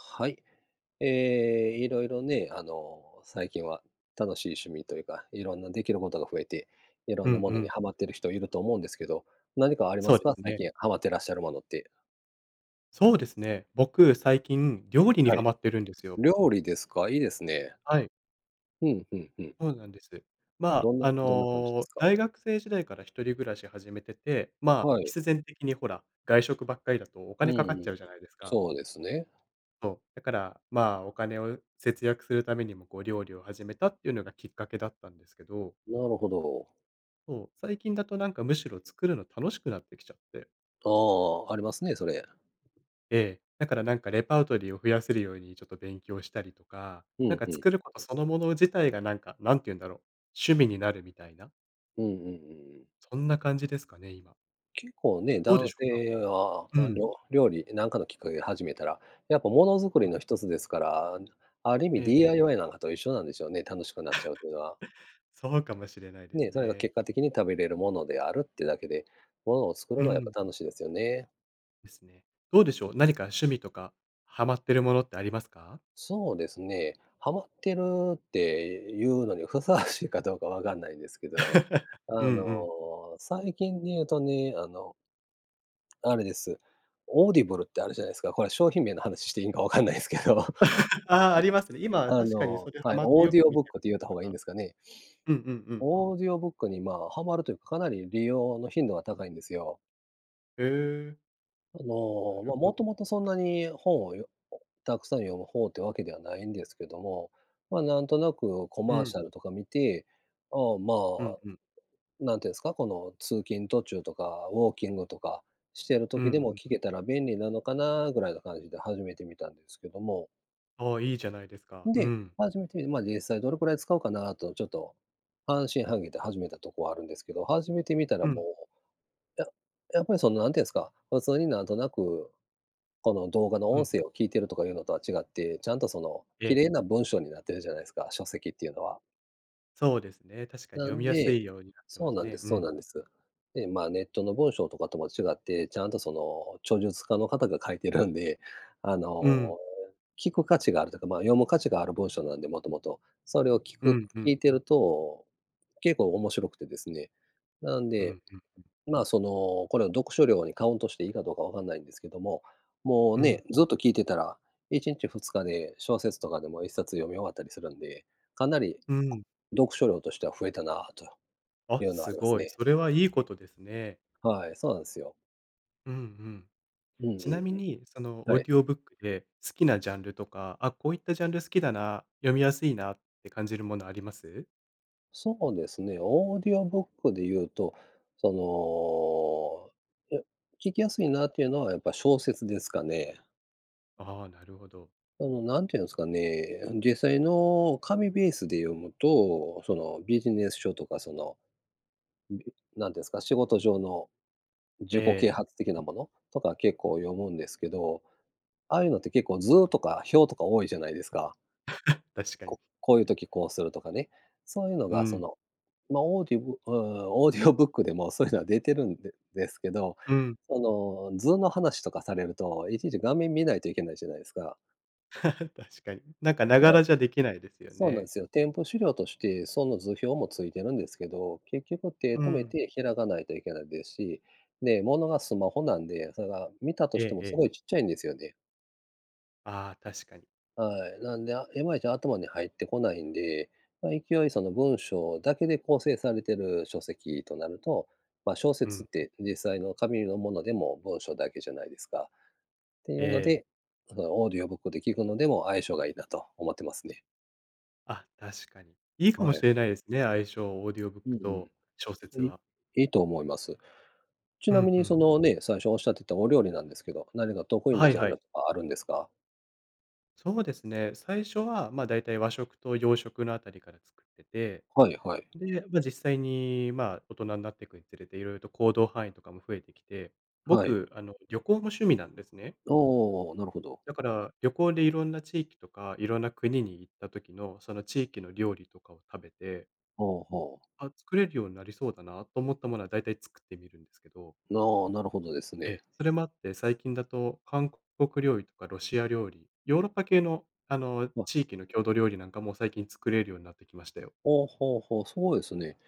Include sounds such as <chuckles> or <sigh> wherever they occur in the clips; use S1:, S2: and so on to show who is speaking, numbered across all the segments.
S1: はい。ええ、色々ね、あの、最近は、楽しい趣味というか、色んなできることが増えて、色
S2: う
S1: ん
S2: ん
S1: なも
S2: う
S1: のに
S2: ん。
S1: はまってる人いると思うんですけど、何かありま
S2: そう
S1: す
S2: で
S1: か？
S2: す
S1: 最
S2: ね。
S1: 近はまってらっしゃるものって。
S2: そうですね。僕、最近料理に
S1: は
S2: ハ
S1: い。
S2: マってるんですよ。
S1: 料理ですか？いいですね。
S2: はい。
S1: ふんふんふん。
S2: そうなんです。ま
S1: どんな
S2: あ、あ
S1: どんな感じで
S2: の、
S1: すか？
S2: 大学生時代から一人暮らし始めてて、まあ、
S1: はい。
S2: 必然的にほら、外食ばっかりだとお
S1: うん
S2: 金
S1: う
S2: かか
S1: ん
S2: っ
S1: う
S2: ち
S1: ん。
S2: ゃうじゃないですか。
S1: そうですね。
S2: そう。だから、まあ、お金を節約するためにもこう、料理を始めたっていうのがきっかけだったんですけど。
S1: なるほど。
S2: そう、最近だとなんかむしろ作るの楽しくなってきちゃって。
S1: ああ、ありますね、それ。
S2: ええ、だからなんかレパートリーを増やせるようにちょっと勉強したりとか、
S1: ふ
S2: なん
S1: ん
S2: か
S1: ふん。
S2: 作ることそのもの自体がなんか何て言うんだろう、趣味になるみたいな。
S1: うんうんうんうん。
S2: そんな感じですかね、今。
S1: 結構ね、
S2: どうで
S1: 男
S2: しょうか。
S1: 性は、
S2: う
S1: あ
S2: ん。
S1: の料理、なんかのきっかけで始めたら、やっぱ物づく
S2: う
S1: り
S2: ん。
S1: のひとつですから、ある意
S2: え
S1: 味
S2: えええ。
S1: DIY なんかと一緒なんでしょうね、楽しくなっち
S2: <chuckles>
S1: ゃうっていうのは。
S2: そうかもしれないです
S1: ね、それが
S2: ね。
S1: 結果的に食べれるものであるってだけで、物を作る
S2: う
S1: のはやっ
S2: ん。
S1: ぱ楽しいですよね。
S2: ですね。どうでしょう。何か趣味とかハマってるものってありますか？
S1: そうですね、はまってるっていうのにふさわしいかどうか分かんないんですけど、
S2: <chuckles> うん
S1: あ
S2: う
S1: の、
S2: ん。
S1: 最近で言うとね、あのあれです。オーディブルってあるじゃないすか。これは商品名の話していいのか分かんないですけど。<unintelligible>
S2: <laughs> ああ、ありますね。今、
S1: あ
S2: 確かに
S1: の
S2: それは
S1: はい、
S2: まって
S1: オー
S2: よ
S1: ディ
S2: く
S1: オ
S2: 見
S1: ブッ
S2: て
S1: ク
S2: ら
S1: っ
S2: っし
S1: て言うた
S2: ゃ
S1: 方
S2: る
S1: がいいん
S2: 方
S1: ですかね？
S2: うんうんうん。
S1: オーディオブックにまあ、はまるというか、かなり利用の頻度が高いんですよ。
S2: へえ。
S1: あ
S2: な
S1: の、
S2: る
S1: まあ、
S2: ほど。
S1: 元々そんなに本をよたくさん読む方ってわけではないんですけども、まあ、なんとなくコ
S2: う
S1: マー
S2: ん。
S1: シャルとか見て、ああ、ま
S2: うん
S1: あ、
S2: うん。
S1: なんて言うんすか、この通勤途中とかウォーキングとか、してる
S2: うん
S1: 時で
S2: う
S1: も
S2: んう
S1: 聞
S2: ん。
S1: けたら便利なのかな？ぐらいな感じで始めてみたんですけども。
S2: ああ、いいじゃないですか。う
S1: で、
S2: ん。
S1: 始めて、まあ、実際どれくらい使うかなとちょっと、半信半疑で始めたとこはあるんですけど、始めてみたら
S2: う
S1: も
S2: ん。
S1: う、ややっぱりその何て言うんすか、普通になんとなく、この動画の
S2: う
S1: 音
S2: ん。
S1: 声を聴いてるとかいうのとは違って、ちゃんとその
S2: え
S1: 綺
S2: え。
S1: 麗な文章になってるじゃないですか、書籍っていうのは。
S2: そうですね、確かに
S1: な
S2: 読み
S1: ん
S2: やす
S1: で
S2: いようになって
S1: そ
S2: ま
S1: う
S2: す
S1: なんで
S2: ね。
S1: す
S2: う
S1: そう
S2: ん。
S1: なんです。で、ま、ネットの文章とかとも違って、ちゃんとその、著述家の方が書いてるんで、あ
S2: うん。
S1: の、聞く価値があるというか、ま、読む価値がある文章なんで、元々。それを聞
S2: う
S1: く
S2: んう
S1: 聞
S2: ん。
S1: いてると、結構面白くてですね。なん
S2: う
S1: で、
S2: ん-うんうん。
S1: ま、その、これを、読書量にカウントしていいかどうか分かんないんですけども、もう
S2: うん。
S1: ね、ずっと聞いてたら1日、2日で小説とかでも、1冊読み終わったりするんで、かなり、
S2: うん。
S1: 読書量としては増えたなと
S2: あ、
S1: いうのはあ
S2: す
S1: ります
S2: ごい。
S1: ね。
S2: それはいいことですね。
S1: はい、そうなんですよ。
S2: うんうん。
S1: うんうん
S2: ちなみ
S1: うん。
S2: に、そのオ
S1: は
S2: ー
S1: い。
S2: ディオブックで、好きなジャンルとか、あ、こういったジャンル好きだな、読みやすいなって感じるものあります？
S1: そうですね、オーディオブックで言うと、その、う聞きやすいなっていうのは、やっぱ小説ですかね。
S2: ああ、なるほど。
S1: あの、何て言うんですかね、実際の紙ベースで読むと、そのビジネス書とか、その、<unintelligible> なんて言うんですか、仕事上の、自己啓
S2: え
S1: 発的
S2: え。
S1: なものとか、結構読むんですけど。ああいうのって結構図とか表とか多いじゃないですか。
S2: <chuckles> 確かに。
S1: ここういう時こうするとかね、そういうの
S2: う
S1: がそ
S2: ん。
S1: の、ま、オーディブう、オーディオブックでもそういうのは出てるんでですけど、
S2: うん。
S1: その図の話とかされると、いちいち画面見ないといけないじゃないですか。
S2: <laughs> 確かに。なんか、なが
S1: はい。
S2: らじゃできないですよ
S1: そうな
S2: ね。
S1: んすよ。店舗資料として、その図表もついてるんですけど、結局手
S2: うー
S1: 止め
S2: ん。
S1: て開かないといけないですし、で、物がスマホなんで、それが見たと
S2: ええ
S1: しても
S2: え
S1: す
S2: え。
S1: ごいちっちゃいんですよで。
S2: ああ、確かに。
S1: はい、なんで、あ、いまいち、頭に入ってこないんで、まあ、勢い、その、文章だけで構成されてる書籍となると、まあ、小
S2: う
S1: 説っ
S2: ん。
S1: て、実際の紙のものでも文章だけじゃないですか。ってい
S2: え
S1: うの
S2: え。
S1: で、その、オーディオブックで聞くのでも相性がいいなと思ってますね。
S2: あ、確かに。いいかも
S1: は
S2: し
S1: い。
S2: れないですね相性、オーディオブッ
S1: うんう
S2: クと小
S1: ん。
S2: 説
S1: い
S2: は。
S1: いいと思います。ち
S2: う
S1: なみ
S2: んう
S1: に、そ
S2: ん。
S1: の、ね、最初おっしゃってたお料理なんですけど、何か得意
S2: は
S1: な
S2: い
S1: ジャ
S2: は
S1: ン
S2: い。
S1: ルとかあるんですか？
S2: そうですね。最初は、ま、だいたい和食と洋食のあたりから作ってて、
S1: はいはい。
S2: で、ま、実際に、ま、大人んなってくにつれて色々と行動範囲とかも増えてきて、
S1: はい。
S2: 僕、あの、旅行も趣味なんですね。
S1: ああ、なるほど。
S2: だから、旅行でいろんな地域とか、いろんな国に行った時の、その、地域の料理とかを食べて
S1: ほうほう。
S2: あ、作れるようになりそうだなと思ったものはだいたい作ってみるんですけど。
S1: なあ、なるほどです
S2: え
S1: ね。
S2: え。それもあって、最近だと、韓国料理とかロシア料理、ヨーロッパ系の、あの、
S1: わ。
S2: 地域の郷土料理なんかも最近作れるようになってきましたよ。
S1: ほうほうほう、そうですね。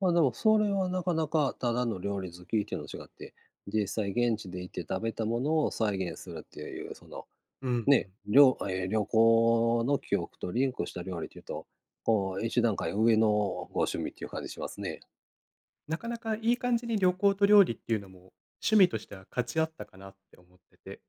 S1: ま、でもそれはなかなか、ただの料理好きっていうのと違って、実際現地で行って食べたものを再現するっていう、その、
S2: うんう
S1: ね、
S2: ん。
S1: りょええ、旅行の記憶とリンクした料理っていうと、こう、一段階上のご趣味っていう感じしますね。
S2: なかなかいい感じに旅行と料理っていうのも、趣味としてはかち合ったかなって思ってて。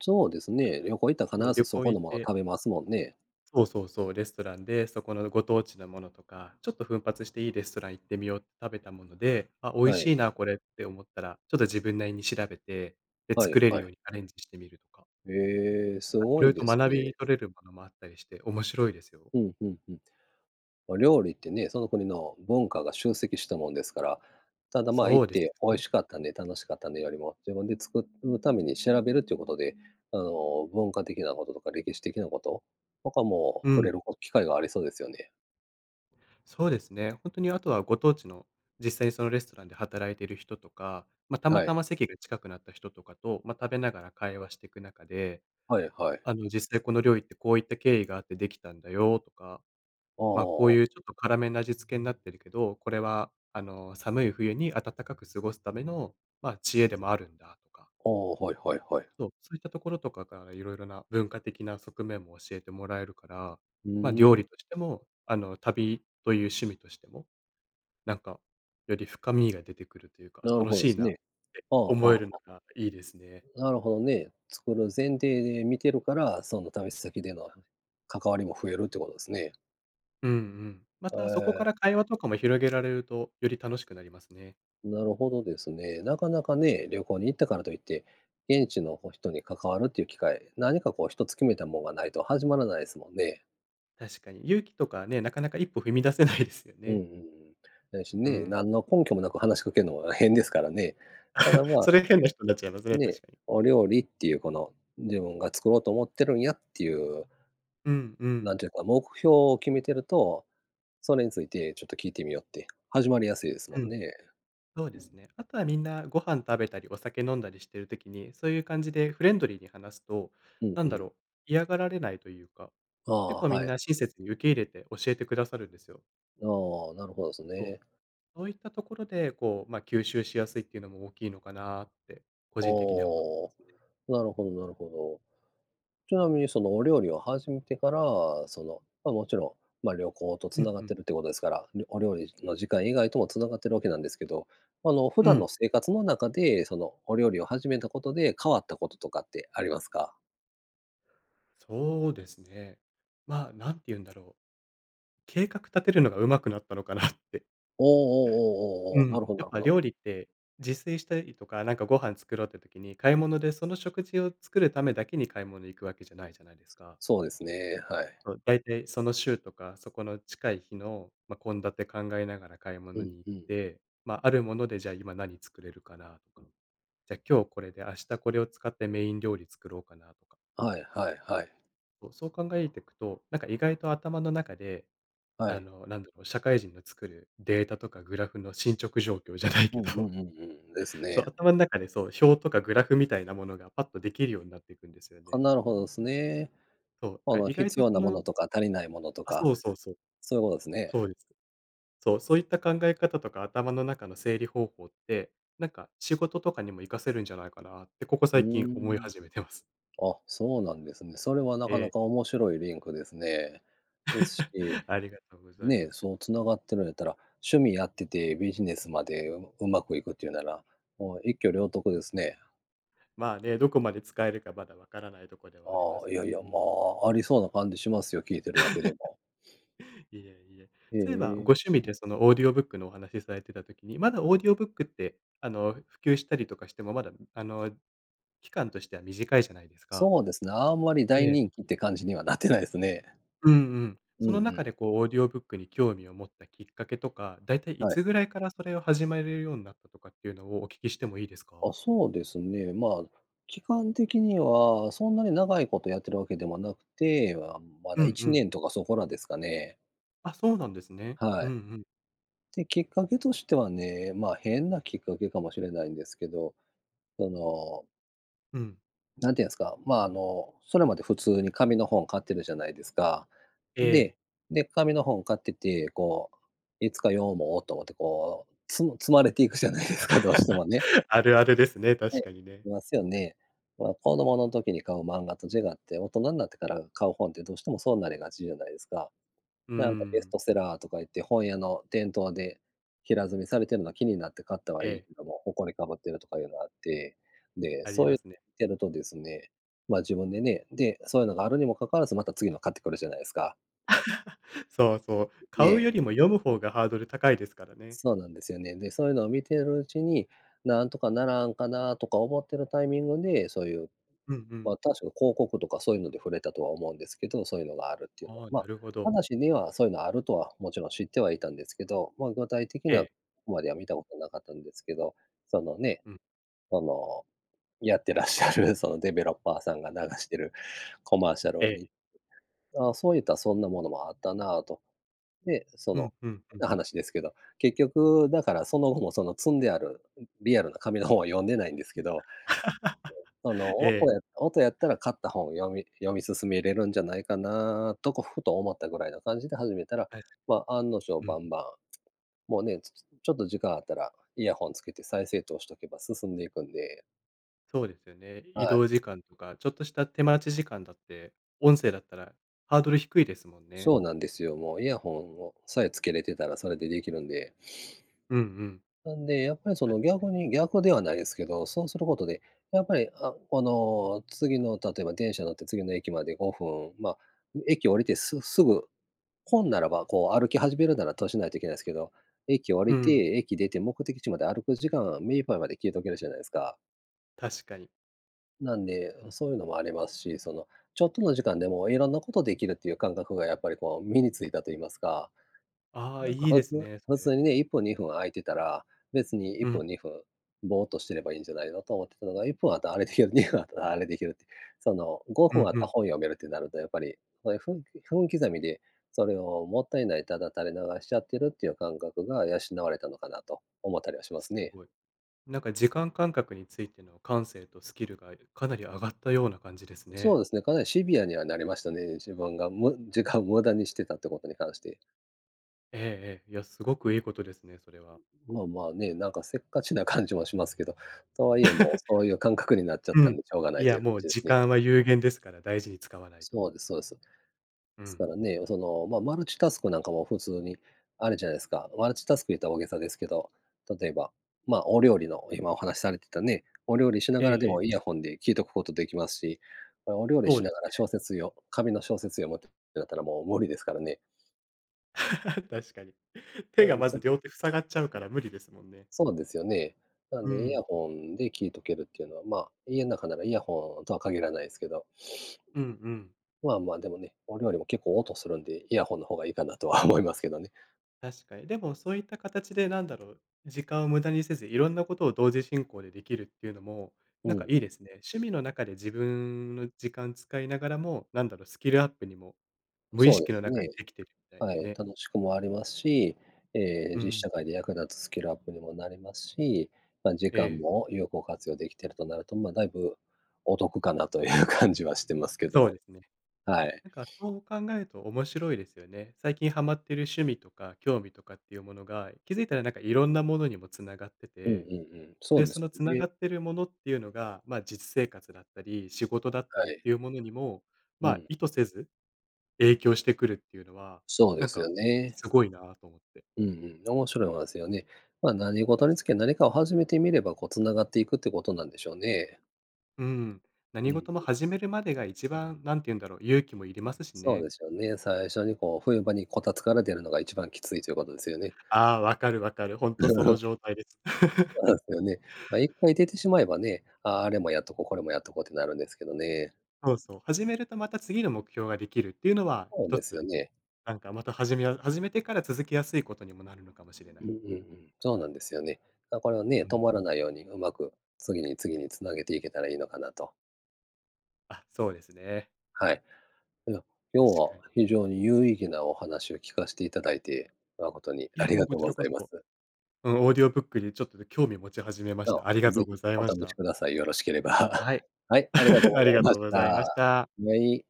S1: そうですね、旅行行ったら
S2: そう。
S1: 必
S2: 旅
S1: ずそ
S2: 行
S1: こ
S2: 行
S1: の
S2: っ
S1: もの
S2: て
S1: 食べますもんね。
S2: そうそうそう、レストランで、そこのご当地のものとか、ちょっと奮発していいレストラン行ってみよう、食べたもので、あ、美味
S1: はい。
S2: しいなこれって思ったら、ちょっと自分なりに調べて、で
S1: は
S2: 作
S1: い
S2: れる
S1: は
S2: よう
S1: い。
S2: にアレンジしてみるとか。
S1: へえ、
S2: なん
S1: す
S2: か
S1: ご
S2: 色
S1: い
S2: 々と
S1: です
S2: 学
S1: ね。
S2: び取れるものもあったりして、面白いですよ。
S1: ふんふんふん。ま、料理ってね、その国の文化が集積したもんですから。ただ、ま、
S2: そ
S1: 行っ
S2: うです
S1: て美
S2: よ
S1: 味
S2: ね。
S1: しかったね、楽しかったねよりも、自分で作るために調べるっていうことで、あの、文化的なこととか、歴史的なこと、とかも
S2: う
S1: 触
S2: ん。
S1: れる、お機会がありそうですよね。
S2: そうですね。ほんとにあとはご当地の、実際にそのレストランで働いてる人とか、ま、たま
S1: は
S2: た
S1: い。
S2: ま席が近くなった人とかと、ま、食べながら会話してく中で、
S1: はいはい。
S2: あの、実際この料理ってこういった経緯があって出来たんだよとか、
S1: あ
S2: ま、こう
S1: あ。
S2: いうちょっと辛めな味付けになってるけど、これはあの、寒い冬に暖かく過ごすための、ま、知恵でもあるんだとか。
S1: ああ、はいはいはい。
S2: そう、そういったところとかから、色々な文化的な側面も教えてもらえるから、
S1: ふー
S2: ま、料
S1: ん。
S2: 理としても、あの、旅という趣味としても、なんか、より深みが出てくるというか、
S1: な
S2: あ、
S1: る
S2: 楽
S1: ほど
S2: しい
S1: す
S2: なっ
S1: ね。
S2: て
S1: はあは
S2: 思える
S1: あ、
S2: の
S1: は。
S2: がいいですね。
S1: なるほどね、作る前提で見てるから、その旅先での関わりも増えるっていうことですね。
S2: うんうん。ま
S1: へ
S2: たそこか
S1: え。
S2: ら会話とかも広げられると、より楽しくなりますね。
S1: なるほどですね。なかなかね、旅行に行ったからといって、現地のこう、人に関わるっていう機会、何かこう一つ決めたもんがないと始まらないすもんね。
S2: 確かに。勇気とかね、なかなか一歩踏み出せないですよ
S1: うんうん
S2: ね。
S1: うん。だし
S2: う
S1: ね、
S2: ん。
S1: 何の根拠もなく話しかけんのも変ですからね。ただ、
S2: <laughs>
S1: ま
S2: それ変な人んなっちゃいますね、確
S1: ね、
S2: かに。
S1: お料理っていう、この、自分が作ろうと思ってるんやっていう、
S2: うんう
S1: な
S2: ん。
S1: んていうか、目標を決めてると、それについてちょっと聞いてみようって、始まりやすいですも
S2: う
S1: ん
S2: ん。
S1: ね。
S2: そうですね。あとはみんなご飯食べたり、お酒飲んだりしている時に、そういう感じでフレンドリーに話すと、
S1: うん
S2: な
S1: う
S2: んだ
S1: ん。
S2: ろう、嫌がられないというか、
S1: あ
S2: 結
S1: あ、
S2: 構み
S1: は
S2: ん
S1: いは
S2: な
S1: い。
S2: 親切に受け入れて、教えてくださるんですよ。
S1: ああ、なるほどです
S2: そう、
S1: ね。
S2: そういったところで、こう、ま、吸収しやすいっていうのも大きいのかなって個
S1: あ
S2: 人的には思っていま
S1: あ、
S2: すね。
S1: なるほどなるほど。ちなみに、そのお料理を始めてから、その、ま、もちろん、ま、旅行と
S2: うん
S1: 繋がっ
S2: うん。
S1: てるっていうことですから、るお料理の時間以外とも繋がっているわけなんですけど、ま、あの、普
S2: う
S1: 段の
S2: ん。
S1: 生活の中で、その、お料理を始めたことで、変わったこととかってありますか？
S2: そうですね。ま、何て言うんだろう。計画立てるのが上手くなったのかなって。
S1: おおお
S2: う
S1: おおおおおおお、
S2: ん、
S1: なるほど
S2: や
S1: な
S2: っ
S1: るほ
S2: ぱ
S1: ど。
S2: 料理って、自炊したりとか、なんかご飯作ろうって時に、買い物でその食事を作るためだけに買い物に行くわけじゃないじゃないですか。
S1: そうですね、はい。
S2: そう、だいたいその週とか、そこの近い日の、ま、献立考えながら買い
S1: う
S2: 物
S1: ん
S2: に行っ
S1: うん。
S2: て、ま、あるものでじゃあ今何作れるかなとか、じゃ今日これで明日これを使ってメイン料理作ろうかなとか。
S1: はいはいはい。
S2: そう。そう考えていくと、なんか意外と頭の中で、
S1: は
S2: あ
S1: い。
S2: の、なんだろう、こう社会人の作るデータとかグラフの進捗状況じゃないけ
S1: うんうん
S2: ど
S1: うんうん。です
S2: そう、
S1: ね。
S2: 頭ん中で、そう、表とかグラフみたいなものがパッとできるようになっていくんですよ
S1: あ、
S2: ね。
S1: なるほどですね。
S2: そう、
S1: あ
S2: か
S1: の、
S2: 意外
S1: 必
S2: と
S1: 要
S2: そ
S1: なもの
S2: の
S1: とか足りないものと
S2: あ、
S1: か、
S2: そうそうそう。
S1: そういうことですね。
S2: そうです。そう。そういった考え方とか頭の中の整理方法って、なんか仕事とかにも活かせるんじゃないかなって、ここ
S1: うー
S2: 最近思い
S1: ん。
S2: 始めてます。
S1: あ、そうなんですね。それはな
S2: え
S1: かな
S2: え。
S1: か面白いリンクですね。です
S2: <chuckles>
S1: し
S2: ありがとうございま
S1: ね、
S2: す。
S1: そう繋がってるんやったら、趣味やっててビジネスまでううまくいくっていうなら、もう一挙両得ですね。
S2: まあ、ね、どこまで使えるか、まだわからないとこではありま
S1: あ
S2: す
S1: あ、い
S2: け
S1: や
S2: ど
S1: いや、
S2: も。
S1: まあ、ありそうな感じしますよ、聞いてるだけで
S2: <laughs>
S1: も。<sniffs>
S2: いやいや。
S1: へ
S2: そういえば、ご
S1: え。
S2: 趣味でその、オーディオブックのお話されてた時に、まだオーディオブックって、あの、普及したりとかしてもまだ、あの、期間としては短いじゃないですか。
S1: そうですね、あんまり
S2: え
S1: 大
S2: え。
S1: 人気って感じにはなってないですね。
S2: うんうん。
S1: うん
S2: そ
S1: う
S2: の中
S1: ん。
S2: でこう、オーディオブックに興味を持ったきっかけとか、だいたい、い
S1: は
S2: つ
S1: い。
S2: ぐらいからそれを始めるようなったとかっていうのを、お聞きしてもいいです
S1: あ、
S2: か？
S1: そうですね。ま、期間的にはそんなに長いことやってるわけではなくて、あ、ま
S2: う
S1: だい
S2: んう
S1: ち
S2: ん。
S1: ねんとかそこらですかね。
S2: あ、そうなんですね。う
S1: は
S2: んう
S1: い。
S2: ん。
S1: で、きっかけとしてはね、まあ、変なきっかけかもしれないんですけど、その
S2: うん。
S1: 何て言うんすか、まあ、あの、それまで普通に紙の本買ってるじゃないですか。
S2: ええ。
S1: で、で、紙の本買ってて、こう「いつか読もう」と思って、こう、積む積まれていくじゃないですか、どうしてもね。
S2: <chuckles> あるあるですね、
S1: は
S2: 確
S1: い、
S2: かにね。
S1: いますよね。ま、子供の時に買う漫画と違って、大人んなってから買う本ってどうしてもそうなりがちじゃないですか。
S2: うー
S1: なんかベス
S2: ん。
S1: トセラーとか言って、本屋の店頭で、平積みされてるのは気になって買ったはいい
S2: ええ。
S1: けども、埃かぶってるとかいうのあって。で、
S2: あり
S1: そう
S2: ま
S1: や
S2: すね。
S1: ってるとですね、まあ、自分でねで、そういうのがあるにも関わらず、また次の買ってくるじゃないすか。
S2: <chuckles> そうそう。買う
S1: え
S2: よ
S1: え。
S2: りも読む方がハードル高いですからね。
S1: そうなんですよね。で、そういうのを見てるうちに「何とかならんかな？」とか思ってるタイミングで、そういう、
S2: うんうん。
S1: まあ、たしょ広告とかそういうので触れたとは思うんですけど、そういうのがあるっていうの
S2: ああ、
S1: まあ、
S2: なるほど
S1: 話にはそういうのはあるとは、もちろん知ってはいたんですけど、まあ、具体的
S2: え
S1: な、
S2: え。
S1: までは見たことなかったんですけど、そのね、
S2: うん。
S1: その、やってらっしゃるその、デベロッパーさんが流してるコマーシャル
S2: え
S1: を
S2: え。
S1: 見 <unintelligible>「ああ、そういったらそんなものもあったな」と。で、そ
S2: うん
S1: の、
S2: うんう
S1: 変
S2: ん。
S1: な話ですけど、結局だからその後も、その積んである、リアルな紙の本は読んでないんですけ
S2: <unintelligible>
S1: ど、その、
S2: <laughs> ええ。
S1: 音や音やったら買った本を読み読み進めれるんじゃないかなと、こ、ふと思ったぐらいな感じで始めたら、
S2: はい。
S1: ま、案の定
S2: う
S1: バ
S2: ん。
S1: ンバン、もうね、つつちょっと時間あったら、イヤホンつけて再生と押しとけば進んでいくんで。
S2: そうですよね。移
S1: はい。
S2: 動時間とか、ちょっとした手待ち時間だって、音声だったらハードル低いですもんね。
S1: そうなんですよ、もう、イヤホンをさえつけれてたら、それでできるんで。
S2: うんうん。
S1: <sniffs> なんで、やっぱりそ
S2: あ、
S1: の
S2: はい。
S1: 逆に、逆ではないですけど、そうすることで、やっぱり、あ、この、次の例えば電車乗って次の駅まで5分、ま、駅降りてすすぐ、本ならば、こう歩き始めるなら閉じないといけないすけど、駅降
S2: う
S1: りて、
S2: ん。
S1: 駅出て目的地まで歩く時間は、目いっぱいまで聞いておけるじゃないですか。
S2: 確かに。
S1: なんで、うそういうのもありますし、その、ちょっとの時間でも色んなことできるっていう感覚が、やっぱりこう、身に付いたと言いますか、
S2: ああ、
S1: なんか
S2: いい
S1: 普
S2: です
S1: 通
S2: ね、そ
S1: 普
S2: れ。
S1: 通にね、1分、2分空いてたら、別にいっ
S2: うん。
S1: ぷん、2分、ぼーっとしてればいいんじゃないのと思ってたのが、1分あったらあれできる、2分あったらあれできるって。その、ご
S2: う
S1: ふん
S2: ん
S1: あっ
S2: う
S1: た
S2: ん。
S1: 本読めるってなるとやっぱり、そういう分分刻みで、それをもったいない、ただ垂れ流しちゃってるっていう感覚が養われたのかなと、思ったりはしま
S2: す
S1: すね。
S2: ごい。なんか時間感覚についての感性とスキルがかなり上がったような感じです
S1: そう
S2: ね。
S1: ですね、かなりシビアにはなりましたね、自分がむ時間を無駄にしてたっていうことに関して。
S2: ええええ。いや、すごくいい事ですね、それは。
S1: ん。まま、ね、なんかせっかちな感じもしますけど、とはいえ、もう
S2: <laughs>
S1: そういう感覚になっちゃっ
S2: う
S1: た
S2: ん。
S1: んでしょうがな
S2: い
S1: いと
S2: や、
S1: いう感
S2: もう
S1: じです
S2: 時
S1: ね。
S2: 間は有限ですから大事に使わないと。
S1: そうですそうです。で
S2: う
S1: す
S2: ん。
S1: からね、その、ま、マルチタスクなんかも普通にあるじゃないですか。マルチタスク言ったら大げさですけど、例えば、ま、お料理の今お話されてたね、お料理しな
S2: え
S1: が
S2: え
S1: らで
S2: ええ。
S1: もイヤホンで聞いとくことできますし、ま、お料理
S2: そう
S1: し
S2: で
S1: な
S2: す
S1: がら
S2: ね。
S1: 小説よ紙の小説読むってなったらもう無理ですからね。
S2: <chuckles> 確かに。手
S1: なの
S2: が
S1: で、
S2: ま
S1: そ
S2: ず両手塞がっちゃうから無理ですもんね。
S1: そうなんですよね。なの
S2: う
S1: で、イ
S2: ん。
S1: ヤホンで聞いとけるっていうのは、ま、家ん中ならイヤホンとは限らないですけど。
S2: うんうん。
S1: まあまあでもね、お料理も結構音するんで、イヤホンの方がいいかなとは思いますけどね。
S2: 確かに。でもそういった形でなんだろう、時間を無駄にせず、いろんなことを同時進行でできるっていうのも、
S1: う
S2: なん
S1: んう
S2: かいい
S1: ん。
S2: ですね。趣味の中で自分の時間使いながらも、なんだろう、スキルアップにも、無意
S1: そうで
S2: 識
S1: す
S2: の中で
S1: ね。
S2: できてるみたい
S1: は
S2: な
S1: い、
S2: ね。
S1: 楽しくもありますし、ええ、
S2: う
S1: 実
S2: ん。
S1: 社会で役立つスキルアップにもなりますし、ま、時
S2: え
S1: 間
S2: え。
S1: も有効活用できているかなと、まあ、だいぶ、お得かなという感じはしてますけど
S2: そう
S1: も。
S2: ですね。
S1: はい。
S2: なんかそう考えると面白いですよね。最近ハマっている趣味とか興味とかっていうものが、気付いたら、なんかいろんなものにも繋がって
S1: うんう
S2: て、
S1: んうん。そ
S2: で、
S1: うで
S2: そ
S1: す
S2: の
S1: よ
S2: 繋が
S1: ね。
S2: ってるものっていうのが、ま、実生活だったり、仕事だった
S1: は
S2: りっ
S1: い。
S2: ていうものにも、
S1: う
S2: ま、
S1: ん。
S2: 意図せず、影響してくるっていうのは、
S1: そうで
S2: なん
S1: すよ
S2: か
S1: ね。
S2: すごいなと思って。
S1: うんうん。面白い思いますよね。まあ、何事
S2: で
S1: に
S2: す
S1: つけ、
S2: ね。
S1: 何かを始めてみれば、こう繋がっていくってことなんでしょうね。
S2: うん。
S1: う
S2: 何事も
S1: ん。
S2: 始めるまでが一番、何て言うんだろう、勇気もいりますし
S1: そう
S2: ね。
S1: ですよね、最初にこう、冬場にこたつから出るのが一番きついということですよね。
S2: ああ、分かる分かる、ほんとその
S1: <laughs>
S2: 状態です。
S1: そうなん
S2: <chuckles>
S1: ですよね。まあ、一回出てしまえばね、ああ、あれもやっとこう、これもやっとこうってなるんですけどね。
S2: そうそう、始めるとまた次の目標ができるっていうのは
S1: そうなん
S2: 一
S1: です
S2: つ、
S1: よね。
S2: なんかまた始めや始めてから続きやすいことにもなるのかもしれな
S1: う
S2: い。
S1: んうんうん。そうなんですよね。だからね、
S2: う
S1: 止
S2: ん。
S1: まらないように上手く次に次につなげていけたらいいのかなと。
S2: あ、そうですね。
S1: はい、いや、今
S2: た
S1: 日
S2: しか
S1: は
S2: に。
S1: 非常に有意義なお話を聞かしていただいて、誠に
S2: い
S1: あ
S2: や、
S1: り
S2: もう
S1: がと
S2: こ
S1: う
S2: ち
S1: ご
S2: らこ
S1: ざいま
S2: そ、
S1: す。
S2: うん、オーディオブックにちょっと興味を持ち始めまし
S1: と、
S2: た。ありがと
S1: ぜ
S2: うご
S1: ひ
S2: ざい
S1: お
S2: まし
S1: 試し
S2: た。
S1: ください。よろしければ。
S2: はい。
S1: はい、ありがとう
S2: <laughs> あ
S1: ご
S2: り
S1: ざい
S2: が
S1: ま
S2: とう
S1: し
S2: ございまし
S1: た。
S2: た。
S1: めい。